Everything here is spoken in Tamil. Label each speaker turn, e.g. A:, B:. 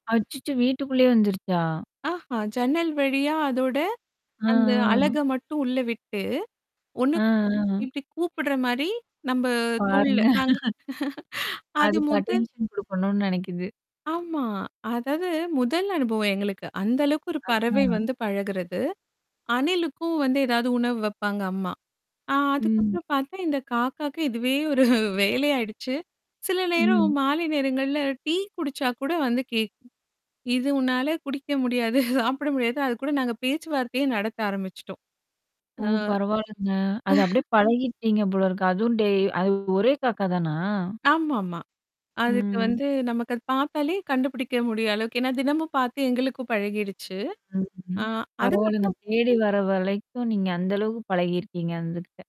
A: அச்சச்சோ! வீட்டுக்குள்ளே வந்துருச்சா?
B: ஆஹா. ஜன்னல் வழியா அதோட
A: அ
B: அந்த
A: அ.
B: அழக மட்டும் உள்ள விட்டு, ஒண்ணு
A: அ அ.
B: இப்டி கூப்படுற மாரி நம்ப தோள்ல
A: பாருங்க.
B: நாங்க அது
A: அதுக்கு
B: முதல்
A: அட்டென்ஷன் குடுக்கணும்னு நெனக்குது.
B: ஆமா. அதாவது முதல் அனுபவம் எங்களுக்கு. அந்த அளவுக்கு ஒரு பறவை
A: அதா.
B: வந்து பழகுறது. அணிலுக்கும் வந்து ஏதாவது உணவு வைப்பாங்க அம்மா. ஆ
A: ம்.
B: அதுக்கப்புறம் பார்த்தா, இந்த காக்காகே இதுவே ஒரு வேலையாயிடுச்சு. சில நேரம்
A: ம்.
B: மாலை நேரங்கள்ல டீ குடிச்சா கூட வந்து கேட்கும். இது உன்னால குடிக்க முடியாது. சாப்பிட முடியாது. அது கூட நாங்க பேச்சுவார்த்தையே நடத்த ஆரம்பிச்சுட்டோம்.
A: ஓ!
B: ஆ.
A: பரவால்லங்க. அத அப்படியே பழகிட்டீங்க போல இருக்கு. அதுவும் டெய்லி அது ஒரே காக்கா தானா?
B: ஆமாமா. அதுக்கு
A: ம்.
B: வந்து நமக்கு அது பாத்தாலே கண்டுபிடிக்க முடியுற அளவுக்கு ஏன்னா தினமும் பாத்து எங்களுக்கும் பழகிடுச்சு. ஆ
A: ம்ஹ்ம். பரவால்லங்க,
B: அதுக்கப்புறம்
A: தேடி வர வரைக்கும் நீங்க அந்த அளவுக்கு பழகியிருக்கீங்க அதுகிட்ட